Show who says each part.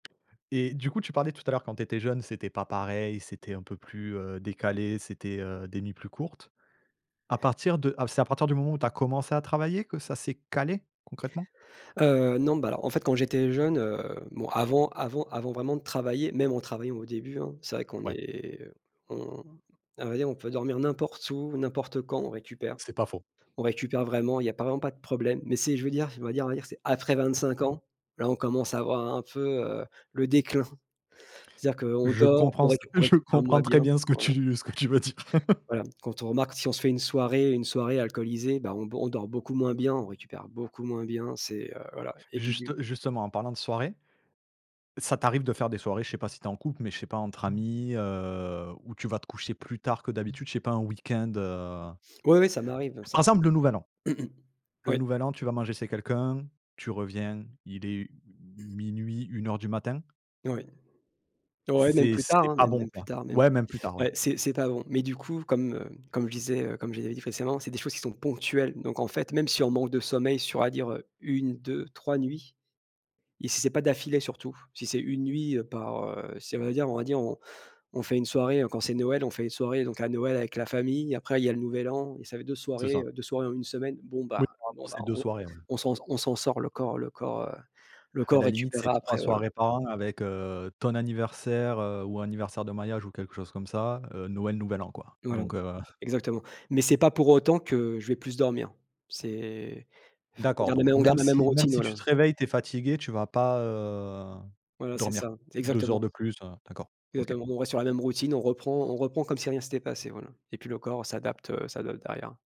Speaker 1: Et du coup tu parlais tout à l'heure quand tu étais jeune, c'était pas pareil, c'était un peu plus, heu, décalé, c'était, heu, des nuits plus courtes. À partir de à c'est à partir du moment où tu as commencé à travailler que ça c'est calé, concrètement?
Speaker 2: Heu, non bah, alors, en fait, quand j'étais jeune, heu bon, avant avant avant vraiment de travailler, même en travaillant au début, hein, c'est vrai qu'on
Speaker 1: Ouais.
Speaker 2: est on on à vrai dire, on peut dormir n'importe où, n'importe quand, on récupère.
Speaker 1: C'est pas faux.
Speaker 2: On récupère vraiment, il y a pas vraiment pas de problème. Mais c'est je veux dire, on va dire on va dire c'est après 25 ans, là on commence à avoir un peu, heu, le déclin. C'est-à-dire qu'on
Speaker 1: Je
Speaker 2: dort, on
Speaker 1: comprends ce
Speaker 2: réc on
Speaker 1: je
Speaker 2: récupère moins
Speaker 1: comprends
Speaker 2: bien,
Speaker 1: très bien ce que
Speaker 2: voilà.
Speaker 1: tu ce que tu veux dire!
Speaker 2: Voilà. Quand on remarque si on se fait une soirée une soirée alcoolisée, bah, on b on dort beaucoup moins bien, on récupère beaucoup moins bien, c'est, heu, voilà et puis de
Speaker 1: Juste justement, en parlant de soirée, ça t'arrive de faire des soirées, je sais pas si tu es en couple, mais je sais pas entre amis, heu? Où tu vas te coucher plus tard que d'habitude, je sais pas un week-end, heu
Speaker 2: Oui, oui, ça m'arrive, bon
Speaker 1: par
Speaker 2: ça
Speaker 1: exemple le nouvel an.
Speaker 2: mmh mh,
Speaker 1: Le
Speaker 2: oui.
Speaker 1: nouvel an, tu vas manger chez quelqu'un, tu reviens, il est, u m 0:00-1:00 du matin.
Speaker 2: Oui. Ouais, même
Speaker 1: C'est
Speaker 2: plus tard,
Speaker 1: c'est
Speaker 2: hein,
Speaker 1: pas
Speaker 2: même
Speaker 1: bon,
Speaker 2: même plus
Speaker 1: quoi.
Speaker 2: tard, même plus
Speaker 1: Ouais, même plus tard, ouais.
Speaker 2: ouais, c'est c'est pas bon. Mais du coup comme, heu, comme je disais, heu, comme je l'avais dit précédemment, c'est des choses qui sont ponctuelles. Donc en fait, même si on manque de sommeil sur, on va dire, heu, 1-2-3 nuits et si c'est pas d'affilée surtout, si c'est une nuit par, heu si on va dire on va dire, on on fait une soirée quand c'est Noël, on fait les soirées donc à Noël avec la famille, après il y a le nouvel an et ça fait 2
Speaker 1: C'est
Speaker 2: soirées,
Speaker 1: ça.
Speaker 2: heu, 2 soirées en 1 semaine, bon
Speaker 1: Oui,
Speaker 2: bah
Speaker 1: par
Speaker 2: bon
Speaker 1: rapport à
Speaker 2: bah,
Speaker 1: ces 2
Speaker 2: on
Speaker 1: soirées ouais.
Speaker 2: on s'en s on s'en sort, le corps le corps, heu, le
Speaker 1: À
Speaker 2: corps
Speaker 1: la limite, c'est
Speaker 2: récupérera
Speaker 1: 3
Speaker 2: après, voilà.
Speaker 1: soirées par an avec, heu, ton anniversaire, heu, ou anniversaire de mariage ou quelque chose comme ça, heu, Noël, nouvel an, quoi,
Speaker 2: Voilà
Speaker 1: donc heu
Speaker 2: exactement mais c'est pas pour autant que je vais plus dormir. C'est enfin, on
Speaker 1: D'accord
Speaker 2: garde les mêmes
Speaker 1: donc
Speaker 2: on
Speaker 1: même
Speaker 2: garde la même
Speaker 1: si même
Speaker 2: routine,
Speaker 1: si tu
Speaker 2: voilà.
Speaker 1: te réveilles, tu es fatigué, tu vas pas, heu,
Speaker 2: Voilà, c'est
Speaker 1: dormir
Speaker 2: ça
Speaker 1: 2 heures
Speaker 2: exactement.
Speaker 1: de plus, heu? D'accord OK.
Speaker 2: Exactement, on reste sur la même routine, on reprend on reprend comme si rien c'était passé, voilà et puis, le corps, heu, s'adapte, heu, s'adapte derrière.